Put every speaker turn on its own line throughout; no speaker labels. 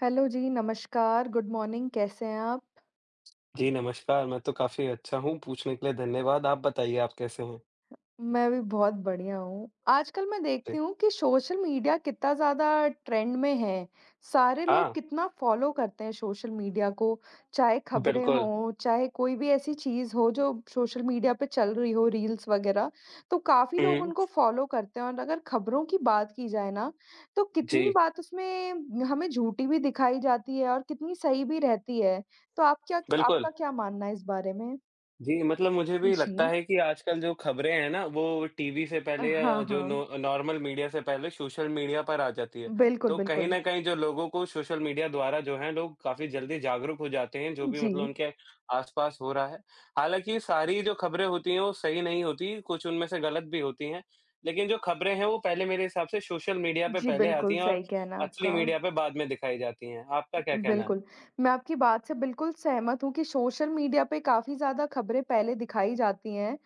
Hello जी, नमस्कार, good morning कैसे हैं आप?
जी, नमस्कार, मैं तो काफ़ी अच्छा हूँ, पूछने के लिए धन्यवाद। आप बताइए आप कैसे हैं?
मैं भी बहुत बढ़िया हूँ। आजकल मैं देखती
जी।
हूँ कि सोशल मीडिया कितना ज़्यादा ट्रेंड में है, सारे लोग
हाँ।
कितना फॉलो करते हैं सोशल मीडिया को, चाहे खबरें
बिल्कुल।
हों, चाहे कोई भी ऐसी चीज़ हो, जो सोशल मीडिया पे चल रही हो, रील्स वगैरह तो काफ़ी लोग
हुँ।
उनको फॉलो करते हैं और अगर खबरों की बात की जाए ना, तो कितनी
जी।
बात उसमें, हमें झूठी भी दिखाई जाती है और कितनी सही भी रहती है। तो आप क्या क
बिल्कुल।
आपका क्या मानना है इस बारे में?
जी, मतलब मुझे भी लगता
जी।
है कि आजकल जो खबरें हैं ना, वो टीवी से
अ,
पहले अ,
हाँ,
जो नो
हाँ।
अ, नॉर्मल मीडिया से पहले सोशल मीडिया पर आ जाती है।
बिल्कुल,
तो कहीं
बिल्कुल।
न कहीं जो लोगों को सोशल मीडिया द्वारा जो है लोग काफ़ी जल्दी जागरूक हो जाते हैं, जो भी मतलब
जी।
उनके आस-पास हो रहा है। हालाँकि ये सारी जो खबरें होती हैं वो सही नहीं होती, कुछ उनमें से गलत भी होती हैं, लेकिन जो खबरें हैं वो पहले मेरे हिसाब से सोशल मीडिया पे
जी,
पहले आती
बिल्कुल
हैं और
सही कहना है
असली
आपका।
मीडिया पे बाद में दिखाई जाती हैं। आपका क्या कहना है?
बिल्कुल, मैं आपकी बात से बिल्कुल सहमत हूँ कि सोशल मीडिया पे काफ़ी ज़्यादा खबरें पहले दिखाई जाती हैं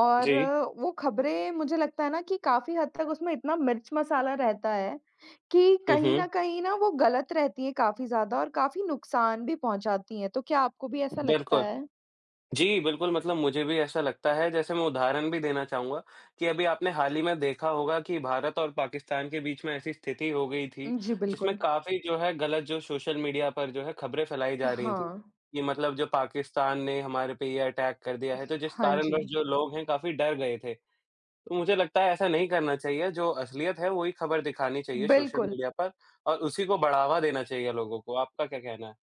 और
जी।
वो खबरें मुझे लगता है ना कि काफ़ी हद तक उसमें इतना मिर्च-मसाला रहता है, कि
हुँ,
कहीं न
हुँ।
कहीं ना वो गलत रहती हैं काफ़ी ज़्यादा और काफ़ी नुकसान भी पहुँचाती हैं। तो क्या आपको भी ऐसा लगता
बिल्कुल।
है?
जी, बिल्कुल मतलब मुझे भी ऐसा लगता है, जैसे मैं उदाहरण भी देना चाहूँगा कि अभी आपने हाल ही में देखा होगा कि भारत और पाकिस्तान के बीच में ऐसी स्थिति हो गई थी,
उम, जी,
जिसमें
बिल्कुल।
काफ़ी जो है गलत जो सोशल मीडिया पर जो है खबरें फैलाई जा रही थी।
हाँ।
कि मतलब जो पाकिस्तान ने हमारे पे ये अटैक कर दिया है, तो जिस
हाँ
कारणवश
जी।
जो लोग हैं काफ़ी डर गए थे। मुझे लगता है ऐसा नहीं करना चाहिए, जो असलियत है वो ही खबर दिखानी चाहिए सोशल
बिल्कुल।
मीडिया पर और उसी को बढ़ावा देना चाहिए लोगों को। आपका क्या कहना है?